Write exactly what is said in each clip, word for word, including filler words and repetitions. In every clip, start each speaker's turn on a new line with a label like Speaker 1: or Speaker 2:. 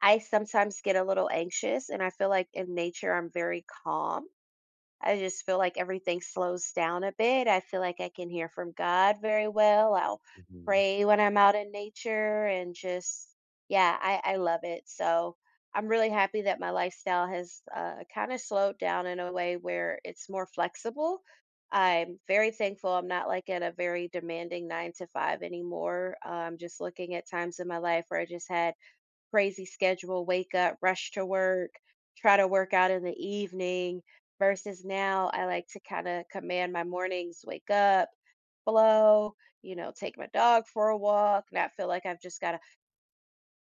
Speaker 1: I sometimes get a little anxious and I feel like in nature I'm very calm. I just feel like everything slows down a bit, I feel like I can hear from God very well, I'll
Speaker 2: Mhm.
Speaker 1: pray when I'm out in nature and just, yeah, I I love it. So, I'm really happy that my lifestyle has, uh, kinda slowed down in a way where it's more flexible. I'm very thankful, I'm not like at a very demanding nine to five anymore, um, just looking at times in my life where I just had crazy schedule, wake up, rush to work, try to work out in the evening versus now I like to kinda command my mornings, wake up, hello, you know, take my dog for a walk, and I feel like I've just gotta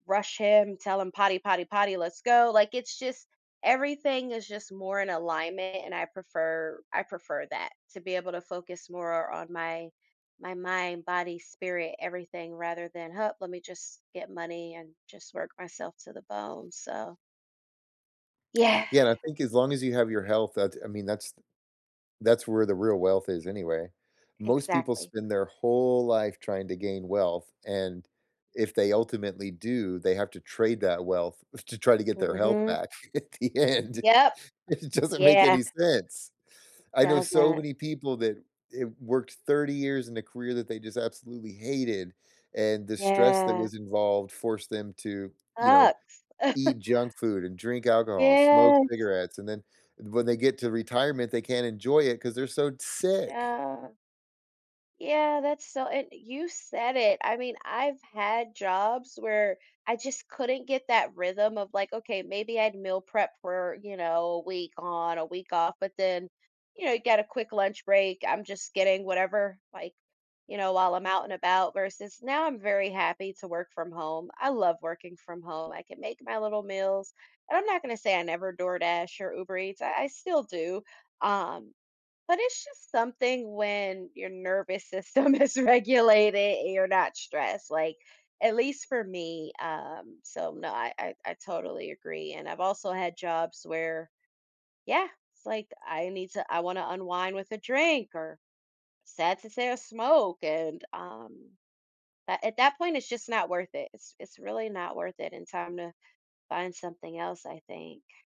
Speaker 1: rush him, tell him, "Potty, potty, potty, let's go." Like, it's just, everything is just more in alignment and I prefer I prefer that, to be able to focus more on my my mind, body, spirit, everything rather than, "Huh, let me just get money and just work myself to the bone." So Yeah.
Speaker 2: Yeah, and I think as long as you have your health, that, I mean, that's that's where the real wealth is anyway. Most people
Speaker 1: Exactly.
Speaker 2: spend their whole life trying to gain wealth, and if they ultimately do, they have to trade that wealth to try to get their health
Speaker 1: Mhm.
Speaker 2: back at the end.
Speaker 1: Yep.
Speaker 2: It doesn't make
Speaker 1: Yeah.
Speaker 2: any sense.
Speaker 1: It
Speaker 2: I know so
Speaker 1: doesn't.
Speaker 2: many people that i worked thirty years in a career that they just absolutely hated, and the stress that
Speaker 1: Yeah.
Speaker 2: was involved forced them to, you know,
Speaker 1: Sucks.
Speaker 2: eat junk food and drink alcohol and smoke
Speaker 1: Yes.
Speaker 2: cigarettes. And then when they get to retirement, they can't enjoy it 'cause they're so tsick.
Speaker 1: Yeah. Yeah, that's so and you said it, I mean, I've had jobs where I just couldn't get that rhythm of, like, okay, maybe I'd meal prep for, you know, a week on, a week off, but then, you know, you got a quick lunch break, I'm just getting whatever, like, you know, while I'm out and about, versus, now I'm very happy to work from home. I love working from home, I can make my little meals, and I'm not gonna say I never DoorDash or Uber Eats, I I still do, um, but it's just something when your nervous system is regulated and you're not stressed, like, at least for me. Um, so no, I I I totally agree, and I've also had jobs where yeah, it's like, "I need to I wanna unwind with a drink or, sad to say, a smoke," and, um a at that point, it's just not worth it, it's it's really not worth it in time to find something else, I think.